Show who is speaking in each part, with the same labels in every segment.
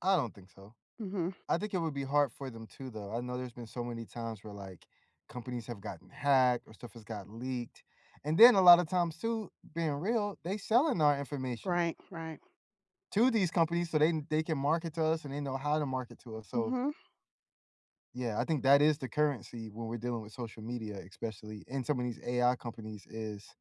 Speaker 1: I don't think so,
Speaker 2: Mhm.
Speaker 1: I think it would be hard for them too, though, I know there's been so many times where, like, companies have gotten hacked or stuff has gotten leaked, and then a lotta times too, being real, they selling our information
Speaker 2: Right, right.
Speaker 1: to these companies so, they they can market to us, and they know how to market to us, so
Speaker 2: Mhm.
Speaker 1: Yeah, I think that is the currency when we're dealing with social media, especially in some of these AI companies, is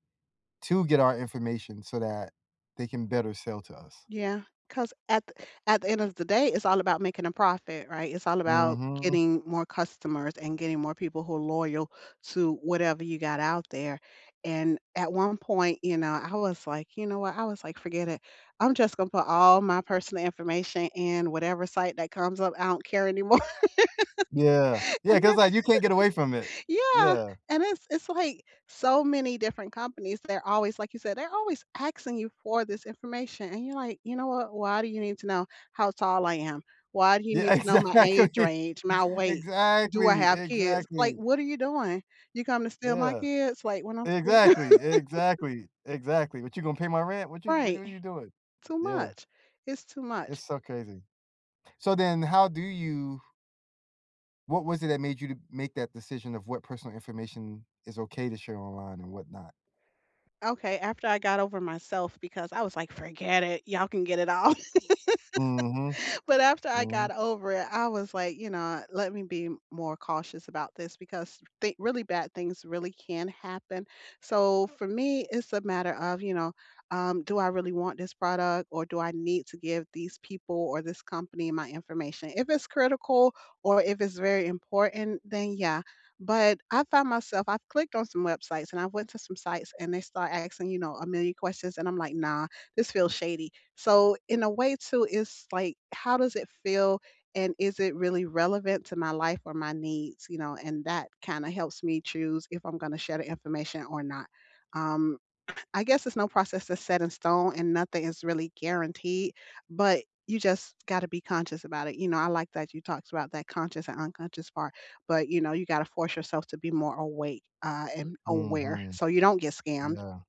Speaker 1: to get our information, so, that they can better sell to us.
Speaker 2: Yeah, 'cause at th at the end of the day, it's all about making a profit, right, it's all about
Speaker 1: Mhm.
Speaker 2: getting more customers, and getting more people who are loyal to whatever you got out there, and at one point, you know, I was like, "You know what," I was like, "Forget it, I'm just gonna put all my personal information and whatever site that comes up, I don't care anymore,"
Speaker 1: Yeah. Yeah,
Speaker 2: and
Speaker 1: 'cause,
Speaker 2: then
Speaker 1: like, you can't get away from it,
Speaker 2: Yeah,
Speaker 1: yeah.
Speaker 2: and it's it's, like, so many different companies, they're always like, you said, they're always asking you for this information and you're like, "You know what, why do you need to know how tall I am? Why do you
Speaker 1: Yeah,
Speaker 2: need to know my age
Speaker 1: exactly.
Speaker 2: range, my weight, do I
Speaker 1: Exactly,
Speaker 2: have kids? Like,
Speaker 1: exactly.
Speaker 2: what are you doing? You coming to steal my
Speaker 1: Yeah.
Speaker 2: kids, like, when I'm slee"
Speaker 1: Exactly. Exactly. Exactly, "What you gonna pay my rent? What you j what w
Speaker 2: Right,
Speaker 1: what are you doing?"
Speaker 2: too
Speaker 1: Yeah.
Speaker 2: much, it's too
Speaker 1: It's
Speaker 2: much.
Speaker 1: so crazy. So then how do you What was it that made you to make that decision of what personal information is okay to share online and what not?
Speaker 2: Okay, after I got over myself because I was like, "Forget it, y'all can get it all."
Speaker 1: Mhm,
Speaker 2: But after I got
Speaker 1: mm.
Speaker 2: over it, I was, like, "You know, let me be more cautious about this because thin really bad things really can happen," so, for me, it's a matter of, you know, um, "Do I really want this product, or do I need to give these people, or this company, my information?" If it's critical, or if it's very important, then, yeah, but I found myself I've clicked on some websites, and I went to some sites, and they start asking, you know, a million questions, and I'm like, "Nah, this feels shady." So in a way too, it's like, how does it feel, and is it really relevant to my life or my needs, you know, and that kinda helps me choose if I'm gonna share the information or not, um, I guess there's no process that's set in stone and nothing is really guaranteed, but you just gotta be conscious about it, you know, I like that you talked about that conscious and unconscious part, but, you know, you gotta force yourself to be more awake, uh, and aware
Speaker 1: Mhm.
Speaker 2: so you don't get scammed.
Speaker 1: Yeah.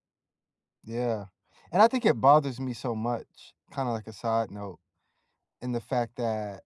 Speaker 1: Yeah, and I think it bothers me so much, kinda, like a side note, in the fact that